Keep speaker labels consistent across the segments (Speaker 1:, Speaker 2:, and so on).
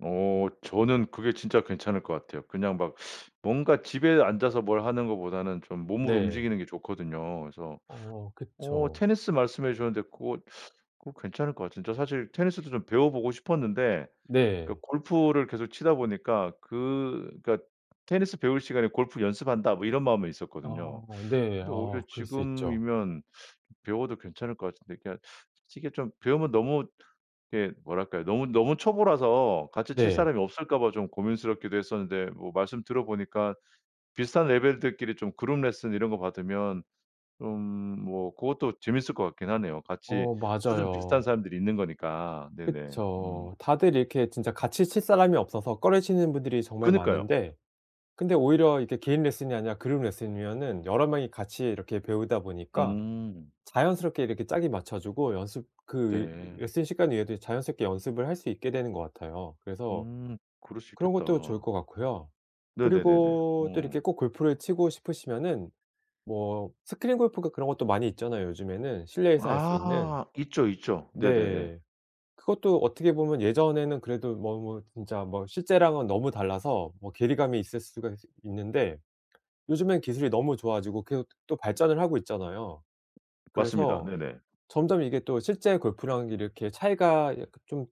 Speaker 1: 어 저는 그게 진짜 괜찮을 것 같아요. 그냥 막 뭔가 집에 앉아서 뭘 하는 것보다는 좀 몸을
Speaker 2: 네.
Speaker 1: 움직이는 게 좋거든요. 그래서
Speaker 2: 어
Speaker 1: 어
Speaker 2: 그쵸.
Speaker 1: 테니스 말씀해 주셨는데 고거 고거 괜찮을 것 같은데. 저 사실 테니스도 좀 배워보고 싶었는데 그
Speaker 2: 네.
Speaker 1: 골프를 계속 치다 보니까 그 그니까 '테니스 배울 시간에 골프 연습한다.' 뭐 이런 마음은 있었거든요.
Speaker 2: 어 네.
Speaker 1: 근데
Speaker 2: 어
Speaker 1: 오히려
Speaker 2: 그럴 수 있죠.
Speaker 1: 지금이면 배워도 괜찮을 것 같은데 그냥 솔직히 좀 배우면 너무 이렇게 뭐랄까요? 너무 너무 초보라서 같이 칠
Speaker 2: 네.
Speaker 1: 사람이 없을까 봐 좀 고민스럽기도 했었는데 뭐 말씀 들어보니까 비슷한 레벨들끼리 좀 그룹 레슨 이런 거 받으면 좀 뭐 고것도 재밌을 것 같긴 하네요. 같이
Speaker 2: 어
Speaker 1: 수준 비슷한
Speaker 2: 맞아요.
Speaker 1: 사람들이 있는 거니까. 네네 음.
Speaker 2: 그쵸. 다들 이렇게 진짜 같이 칠 사람이 없어서 꺼리시는 분들이 정말
Speaker 1: 그러니까요.
Speaker 2: 많은데 근데 오히려 이게 개인 레슨이 아니라 그룹 레슨이면은 여러 명이 같이 이렇게 배우다 보니까
Speaker 1: 음.
Speaker 2: 자연스럽게 이렇게 짝이 맞춰지고 연습 그 위
Speaker 1: 네.
Speaker 2: 레슨 시간 외에도 자연스럽게 연습을 할 수 있게 되는 것 같아요. 그래서
Speaker 1: 음 그럴 수
Speaker 2: 그런 것도 좋을
Speaker 1: 있겠다.
Speaker 2: 것 같고요.
Speaker 1: 네네네네
Speaker 2: 그리고 또 이렇게
Speaker 1: 어.
Speaker 2: 꼭 골프를 치고 싶으시면은 뭐 스크린 골프인가 그런 것도 많이 있잖아요, 요즘에는 실내에서 할 수 있는.
Speaker 1: 아 있죠, 있죠. 네네네.
Speaker 2: 네. 그것도 어떻게 보면 예전에는 그래도 뭐 뭐 진짜 뭐 실제랑은 너무 달라서 뭐 괴리감이 있을 수가 지 있는데 요즘엔 기술이 너무 좋아지고 계속 또 발전을 하고 있잖아요.
Speaker 1: 맞습니다.
Speaker 2: 그래서
Speaker 1: 네네.
Speaker 2: 점점 이게 또 실제 골프랑 이렇게 차이가 약간 좀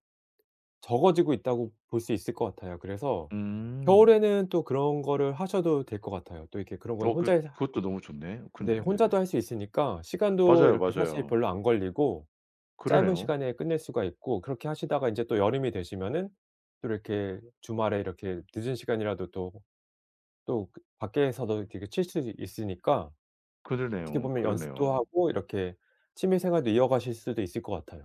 Speaker 2: 적어지고 있다고 볼 수 있을 것 같아요. 그래서
Speaker 1: 음.
Speaker 2: 겨울에는 또 그런 거를 하셔도 될 것 같아요. 또 이렇게 그런 건
Speaker 1: 어
Speaker 2: 혼자
Speaker 1: 그것
Speaker 2: 해사
Speaker 1: 그것도 너무 좋네.
Speaker 2: 네
Speaker 1: 그러네요, 네네.
Speaker 2: 혼자도 할 수 있으니까 시간도
Speaker 1: 맞아요,
Speaker 2: 이렇게 사실
Speaker 1: 맞아요.
Speaker 2: 별로 안 걸리고 짧은
Speaker 1: 그러네요.
Speaker 2: 시간에 끝낼 수가 있고 그렇게 하시다가 인제 또 여름이 되시면은 또 이렇게 주말에 이렇게 늦은 시간이라도 또 또 그 밖에서도 이렇게 칠 수도 있으니까 어떻게
Speaker 1: 그러네요,
Speaker 2: 보면 연습도
Speaker 1: 그러네요.
Speaker 2: 하고 이렇게 취미 생활도 이어가실 수도 있을 것 같아요.